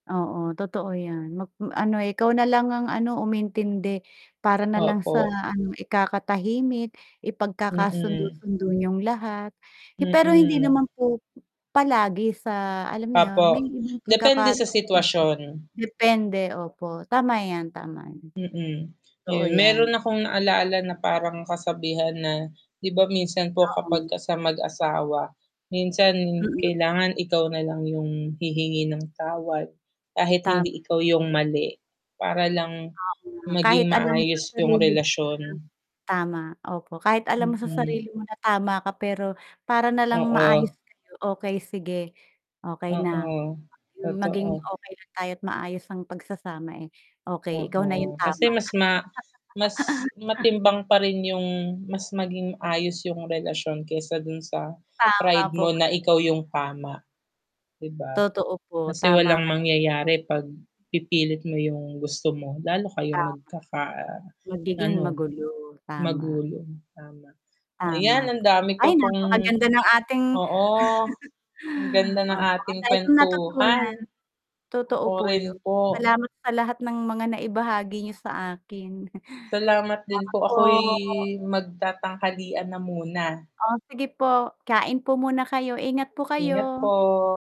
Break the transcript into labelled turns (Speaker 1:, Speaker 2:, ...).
Speaker 1: Oo, totoo 'yan. Magm ano ikaw na lang ang ano, umintindi para na lang sa
Speaker 2: Opo.
Speaker 1: ano, ikakatahimik,
Speaker 2: Mm.
Speaker 1: ipagkakasundo-sundo niyong lahat hi pero hindi
Speaker 2: Mm.
Speaker 1: naman po palagi sa alam niyo 'yon,
Speaker 2: Opo.
Speaker 1: may ibang
Speaker 2: Depende sa
Speaker 1: pagkakataon din pero
Speaker 2: sitwasyon.
Speaker 1: depende. Opo, tama 'yan, tama 'yan.
Speaker 2: Mm,
Speaker 1: Totoo
Speaker 2: ayun.
Speaker 1: 'yan.
Speaker 2: Mayro'n akong naalala na parang kasabihan na, 'di ba minsan po
Speaker 1: Oo.
Speaker 2: kapagka sa mag-asawa, minsan
Speaker 1: Mm.
Speaker 2: kailangan ikaw na lang 'yong hihingi ng tawad kahit
Speaker 1: Tama
Speaker 2: hindi
Speaker 1: 'yan.
Speaker 2: ikaw 'yong mali para lang
Speaker 1: Tama,
Speaker 2: maging
Speaker 1: kahit alam mo sa
Speaker 2: maayos 'yong
Speaker 1: sarili mo
Speaker 2: relasyon.
Speaker 1: na tama, opo. Kahit alam mo sa
Speaker 2: Mm.
Speaker 1: sarili mo na tama ka pero para na lang
Speaker 2: Oo.
Speaker 1: maayos kayo, okey sige, okey na.
Speaker 2: Oo,
Speaker 1: Maging maging
Speaker 2: totoo.
Speaker 1: okey lang tayo at maayos ang pagsasama, eh, okey, ikaw na 'yong
Speaker 2: Oo. Kasi
Speaker 1: tama.
Speaker 2: mas ma mas matimbang pa rin 'yong mas maging ayos 'yong relasyon kaysa do'n sa
Speaker 1: Tama
Speaker 2: pride
Speaker 1: po
Speaker 2: mo na
Speaker 1: kayo
Speaker 2: ikaw 'yong
Speaker 1: diyan.
Speaker 2: tama, 'di ba?
Speaker 1: Totoo po,
Speaker 2: Kasi
Speaker 1: tama
Speaker 2: walang
Speaker 1: kayo diyan.
Speaker 2: mangyayari 'pag pipilit mo 'yong gusto mo. Lalo kayong
Speaker 1: Tama. Magiging
Speaker 2: magkaka-ano,
Speaker 1: magulo, tama.
Speaker 2: magulo, tama.
Speaker 1: Tama,
Speaker 2: Ayan ang dami
Speaker 1: ay
Speaker 2: ko pong
Speaker 1: napakaganda ng ating
Speaker 2: oo. Ang ganda ng
Speaker 1: opo. Ang
Speaker 2: ating
Speaker 1: dami kong natutunan.
Speaker 2: kuwentuhan.
Speaker 1: Totoo
Speaker 2: Ako
Speaker 1: po 'yon.
Speaker 2: rin po.
Speaker 1: Salamat sa lahat ng mga naibahagi niyo sa akin.
Speaker 2: Salamat din
Speaker 1: Salamat
Speaker 2: po, ako'y
Speaker 1: po.
Speaker 2: magtatanghalian na muna.
Speaker 1: Oh, sige po. Kain po muna kayo. Ingat po
Speaker 2: Ingat
Speaker 1: kayo.
Speaker 2: po.